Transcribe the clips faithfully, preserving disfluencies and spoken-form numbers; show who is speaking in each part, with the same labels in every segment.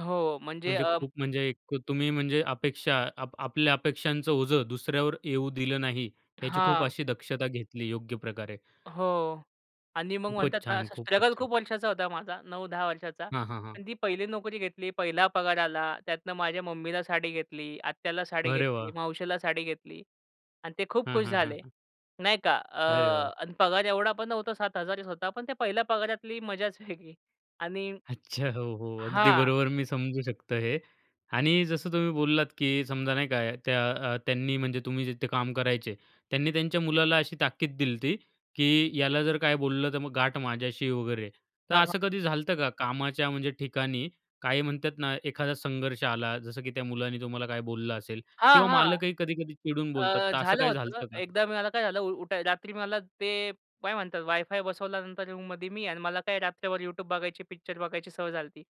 Speaker 1: हो. म्हणजे
Speaker 2: म्हणजे
Speaker 1: अ
Speaker 2: खूप म्हणजे एकु तुम्ही म्हणजे अपेक्षा अप आपल्या अपेक्षांचं ओझं दुसऱ्यावर येऊ दिलं नाही. याची खूप
Speaker 1: हां.
Speaker 2: अशी दक्षता घेतली योग्य प्रकारे.
Speaker 1: हो. आणि मग म्हणतात
Speaker 2: खूपच
Speaker 1: ना
Speaker 2: छान!
Speaker 1: असा
Speaker 2: खूपच
Speaker 1: स्ट्रगल
Speaker 2: छान!
Speaker 1: खूप वर्षाचा होता माझा, नऊ-दहा वर्षाचा.
Speaker 2: हां, हां, हां.
Speaker 1: पण ती पहिली नोकरी घेतली, पहिला पगार आला त्यातनं माझ्या मम्मीला साडी घेतली, आत्याला साडी
Speaker 2: अरे
Speaker 1: घेतली,
Speaker 2: वाह!
Speaker 1: मावशीला साडी घेतली. आणि ते खूप
Speaker 2: हां,
Speaker 1: खुश
Speaker 2: हां, हां,
Speaker 1: झाले.
Speaker 2: हां.
Speaker 1: नाही का. अ,
Speaker 2: अरे वाह!
Speaker 1: आणि पगार एवढा पण नव्हता सात हजारच होता पण त्या पहिल्या पगारातली मजाच वेगळी. आणि,
Speaker 2: अच्छा, हो हो. अगदी
Speaker 1: हां.
Speaker 2: बरोबर मी समजू शकतो हे. आणि जसं तुम्ही बोललात, की समजा नाही का त्या अ, त्यांनी म्हणजे तुम्ही जिथे काम करायचे. त्यांनी त्यांच्या मुलाला अशी ताकीद दिली होती, की याला जर काही बोललं तर मग गाठ माझ्याशी आहे वगैरे. तर
Speaker 1: हां, हां.
Speaker 2: असं कधी झाल होतं का, कामाच्या म्हणजे ठिकाणी, काही म्हणतात ना एखादा संघर्ष आला, जसं की त्या मुलाने तुम्हाला काही बोललं असेल किंवा
Speaker 1: हां, हां.
Speaker 2: मालकही कधी-कधी चिडून बोलतात.
Speaker 1: अ,
Speaker 2: तर असं
Speaker 1: झालं
Speaker 2: काही झाल
Speaker 1: होतं.
Speaker 2: होतं का?
Speaker 1: एकदा मी मला काय झालं उठाय रात्री मला ते काय म्हणतात वायफाय बसवल्यानंतर रूममध्ये मी आहे. आणि मला काय रात्रभर YouTube बघायची, पिक्चर बघायची सवय झाली होती.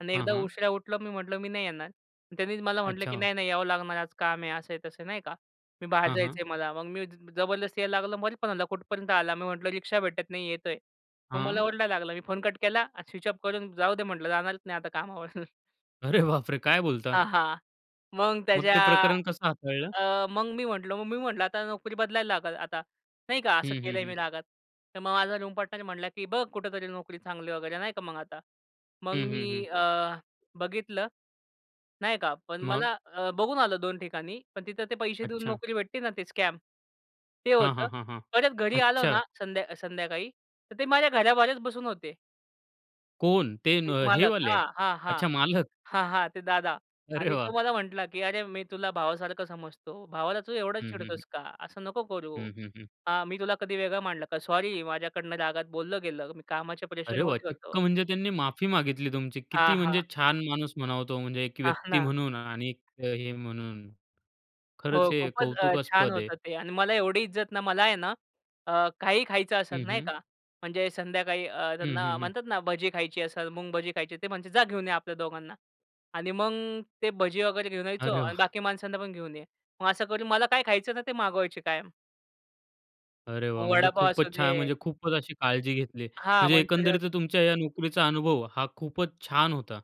Speaker 1: आणि
Speaker 2: हं,
Speaker 1: एकदा
Speaker 2: हं.
Speaker 1: उशिरा उठलो मी म्हटलं "मी नाही येणार." आणि त्यांनीच मला म्हटलं की
Speaker 2: अच्छा.
Speaker 1: "नाही, नाही यावं लागणार, आज काम आहे." असं आहे तसं नाही का. 'मी बाहेर
Speaker 2: हां,
Speaker 1: जायचं
Speaker 2: हां.
Speaker 1: आहे मला." मग मी जबरदस्ती जायला लागलं. मध्येच फोन आला "कुठपर्यंत आला?" मी म्हटलं "रिक्षा भेटत नाही येतोय." मग मला
Speaker 2: हां.
Speaker 1: ओरडायला लागलं मी फोन कट केला स्विच ऑफ करून जाऊ दे म्हटलं जाणारच नाही आता कामावर.
Speaker 2: अरे बापरे! काय बोलता?
Speaker 1: हां, हां. मग
Speaker 2: मग ते
Speaker 1: त्याच्या आ
Speaker 2: प्रकरण कसं हाताळलं?
Speaker 1: अ, मग मी म्हटलं, मग मी म्हटलं "आता नोकरी बदलायला लागल आता." नाही का. असं
Speaker 2: हं, हं,
Speaker 1: केलंय मी
Speaker 2: हं.
Speaker 1: रागात. तर मग माझा रुम पार्टनर म्हटला की "बघ कुठेतरी नोकरी चांगली." वगैरे नाही का मग आता. मग
Speaker 2: हं,
Speaker 1: मी
Speaker 2: हं, हं.
Speaker 1: अ, बघितलं. नाही का. पण
Speaker 2: मग?
Speaker 1: मला अ, बघून आलं दोन ठिकाणी पण तिथं ते पैसे देऊन
Speaker 2: अच्छा.
Speaker 1: नोकरी भेटते ना ते स्कॅम, ते
Speaker 2: हां,
Speaker 1: होतं.
Speaker 2: हां, हां, हां.
Speaker 1: परत घरी आलो
Speaker 2: अच्छा.
Speaker 1: ना संध्या संध्याकाळी तर ते माझ्या घराबाहेरच बसून होते
Speaker 2: कोण? ते न
Speaker 1: ते
Speaker 2: हे अ,
Speaker 1: मालक.
Speaker 2: वाले.
Speaker 1: हां, हां, हां.
Speaker 2: अच्छा मालक?
Speaker 1: हां, हां. ते दादा.
Speaker 2: अरे
Speaker 1: आणि
Speaker 2: वाह!
Speaker 1: तो मला म्हटला की "अरे! मी तुला भावासारखं समजतो. भावाला तू एवढं
Speaker 2: हं, हं, हं.
Speaker 1: चिडतोस का. असं नको करू.
Speaker 2: हं, हं, हं.
Speaker 1: हां. मी तुला कधी वेगळं मानलं का? सॉरी. माझ्याकडनं रागात बोललं गेलं. मी कामाच्या
Speaker 2: अरे वाह!
Speaker 1: प्रेशरमध्ये होतो."
Speaker 2: चक्क म्हणजे त्यांनी माफी मागितली तुमची.
Speaker 1: हां,
Speaker 2: किती
Speaker 1: हां.
Speaker 2: म्हणजे छान माणूस म्हणावा तो. म्हणजे एक
Speaker 1: हां
Speaker 2: व्यक्ती
Speaker 1: ना.
Speaker 2: म्हणून आणि एक हे म्हणून, खरंच
Speaker 1: हो.
Speaker 2: हे
Speaker 1: खूपच अ, छान
Speaker 2: कौतुकास्पद आहे.
Speaker 1: होतं ते. आणि मला एवढी इज्जत ना, मला आहे ना अ, काही खायचं असेल
Speaker 2: हं,
Speaker 1: नाही
Speaker 2: हं.
Speaker 1: का म्हणजे संध्याकाळी अ,
Speaker 2: हं,
Speaker 1: त्यांना
Speaker 2: हं, हं.
Speaker 1: म्हणतात ना भजी खायची असेल, मुंग भजी खायची ते म्हणतात "जा घेऊन या आपल्या दोघांना." आणि मग ते भजी वगैरे घेऊन यायचो.
Speaker 2: अरे
Speaker 1: "आणि बाकी
Speaker 2: वाह!
Speaker 1: माणसांना पण घेऊन ये." मग असं करून मला काय खायचं ना ते मागवायचे कायम.
Speaker 2: अरे वाह!
Speaker 1: मग
Speaker 2: म्हणजे
Speaker 1: वडापाव
Speaker 2: खूपच छान.
Speaker 1: असुदे
Speaker 2: म्हणजे खूपच अशी काळजी घेतली.
Speaker 1: हां.
Speaker 2: म्हणजे
Speaker 1: मंचुरियन.
Speaker 2: एकंदरीतच तुमच्या या नोकरीचा अनुभव हा खूपच छान होता.